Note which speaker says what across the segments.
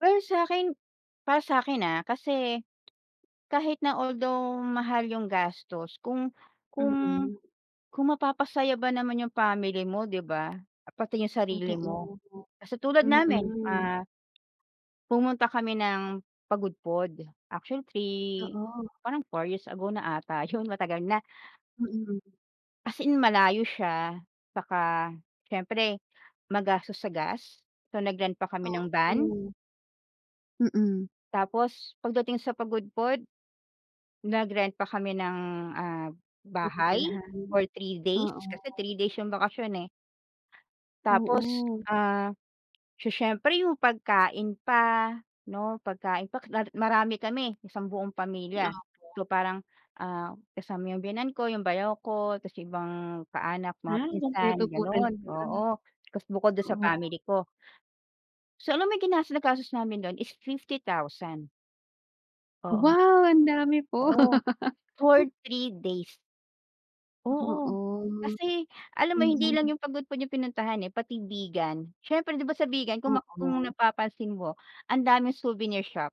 Speaker 1: Ay sa akin para sa akin ah, kasi, kahit na although mahal yung gastos, kung kung
Speaker 2: Mm.
Speaker 1: kung mapapasaya ba naman yung family mo, 'di ba? Pati yung sarili mo.
Speaker 2: Totoo,
Speaker 1: Kasi tulad namin,
Speaker 2: mm.
Speaker 1: ah pumunta kami ng Pagudpud, actually 3,
Speaker 2: Oo.
Speaker 1: parang 4 years ago na ata yun matagal na.
Speaker 2: Mm.
Speaker 1: As in malayo siya, saka siyempre magastos sa gas, so nag-rent pa kami ng van.
Speaker 2: Oo. Mm.
Speaker 1: Tapos pagdating sa Pagudpud, nag-rent pa kami ng, ah, bahay
Speaker 2: Bibilhan,
Speaker 1: for 3 days,
Speaker 2: oo.
Speaker 1: kasi 3 days yung bakasyon, eh. Tapos,
Speaker 2: Oo.
Speaker 1: ah, so siyempre yung pagkain pa, 'no, pagkain pa lalo marami kami isang buong pamilya.
Speaker 2: Opo.
Speaker 1: So parang ah, kasama yung biyenan ko, yung bayaw ko, tas yung ibang kaanak, mga
Speaker 2: Ah,
Speaker 1: pinsan
Speaker 2: kumpleto po
Speaker 1: ganun,
Speaker 2: talaga.
Speaker 1: oo, tas bukod dun sa
Speaker 2: Oo.
Speaker 1: family ko. So alam mo yung ginas nagastos namin dun is 50,000. Oo.
Speaker 2: Wow! Ang dami po.
Speaker 1: Oo, for 3 days. Oo.
Speaker 2: Oo,
Speaker 1: Kasi alam mo hindi lang
Speaker 2: mhm.
Speaker 1: yung Pagudpud yung pinuntahan eh pati Vigan, siyempre 'di ba sa Vigan kung map kung
Speaker 2: Oo.
Speaker 1: napapansin mo, ang daming souvenir shop.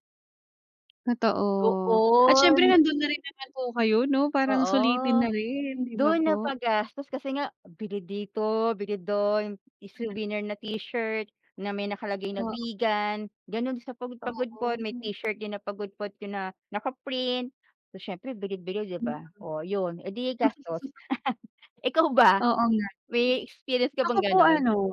Speaker 2: Totoo at siyempre
Speaker 1: Doon.
Speaker 2: nandun na rin naman po kayo 'no, parang
Speaker 1: Oo.
Speaker 2: sulitin na rin, 'di ba,
Speaker 1: Dun
Speaker 2: po?
Speaker 1: napagastos kasi nga bili dito, bili dun, i-souvernir na t-shirt na may nakalagay na
Speaker 2: Oo.
Speaker 1: Vigan, ganun din sa Pagud Pagudpud may
Speaker 2: Oo.
Speaker 1: t-shirt din na Pagudpud pina naka-print. So siyempre bili-bili 'di
Speaker 2: Mm.
Speaker 1: ba oh, ayun eh, di gastos. Ikaw ba?
Speaker 2: Oo nga din.
Speaker 1: May experience ka
Speaker 2: Ako
Speaker 1: bang
Speaker 2: po
Speaker 1: ganun?
Speaker 2: ano.